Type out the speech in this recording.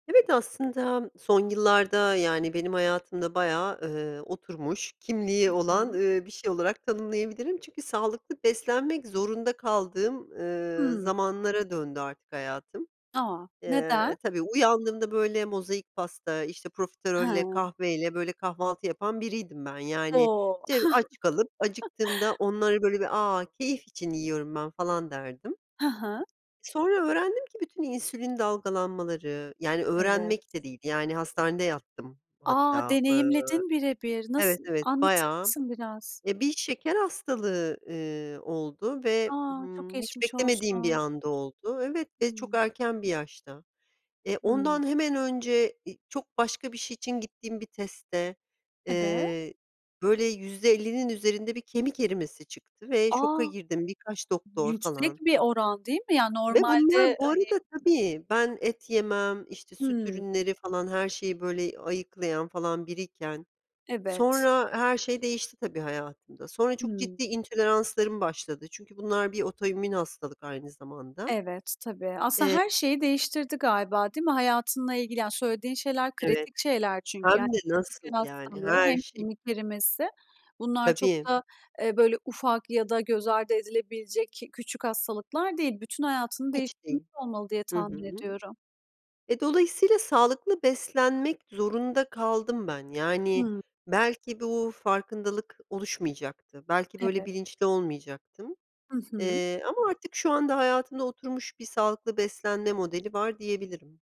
Evet, aslında son yıllarda, yani, benim hayatımda bayağı, ııı, oturmuş Hı kimliği olan, hı. ııı, bir şey olarak tanımlayabilirim. Çünkü sağlıklı beslenmek zorunda kaldığım, ııı, Hımm. zamanlara döndü artık hayatım. A, neden? Eee Tabii, uyandığımda, böyle, mozaik pasta, işte, profiterolle, Ha. kahveyle, böyle, kahvaltı yapan biriydim ben yani. O! Te aç kalıp acıktığımda onları, böyle, bir, "A, keyif için yiyorum ben." falan derdim. Ha ha. Sonra öğrendim ki bütün insülin dalgalanmaları Yani Evet. öğrenmek de değil, yani, hastanede yattım A! hatta. Iıı Deneyimledin bire bir. Evet, Nasıl? evet Anlatır bayağı, mısın biraz? eee, bir şeker hastalığı, ııı, oldu ve, A, çok ımm, hiç geçmiş beklemediğim bir olsun. anda oldu Evet ve çok Hımm. erken bir yaşta. Eee, Hımm. ondan hemen önce, iii, çok başka bir şey için gittiğim bir testte, Eve eee, böyle, %50'nin üzerinde bir kemik erimesi çıktı ve şoka A! girdim. Birkaç doktor Yüksek falan. bir oran, değil mi? Yani Ve bunlar normalde, bu hani arada Tabii, ben et yemem, işte, süt Hımm. ürünleri falan her şeyi, böyle, ayıklayan falan biriyken Evet. sonra her şey değişti, tabii, hayatımda. Sonra çok Hımm. ciddi intoleranslarım başladı çünkü bunlar bir otoimmün hastalık aynı zamanda. Evet. Tabii. Aslında Eee her şeyi değiştirdi galiba, değil mi? Hayatınla ilgili, yani, söylediğin şeyler Evet. kritik şeyler çünkü. Yani, Hem de hem nasıl, şeker yani hastalığı her hem şey. kemik erimesi. Bunlar çok Tabii. da, eee, böyle, ufak ya da göz ardı edilebilecek ki küçük hastalıklar değil. Bütün hayatını Hiç değiştirmiş değil. olmalı diye Hı tahmin hı. ediyorum. E, dolayısıyla sağlıklı beslenmek zorunda kaldım ben. Yani Hımm. belki bu farkındalık oluşmayacaktı, belki böyle Evet. bilinçli olmayacaktım. Hı hı. Eee, ama artık şu anda hayatımda oturmuş bir sağlıklı beslenme modeli var, diyebilirim.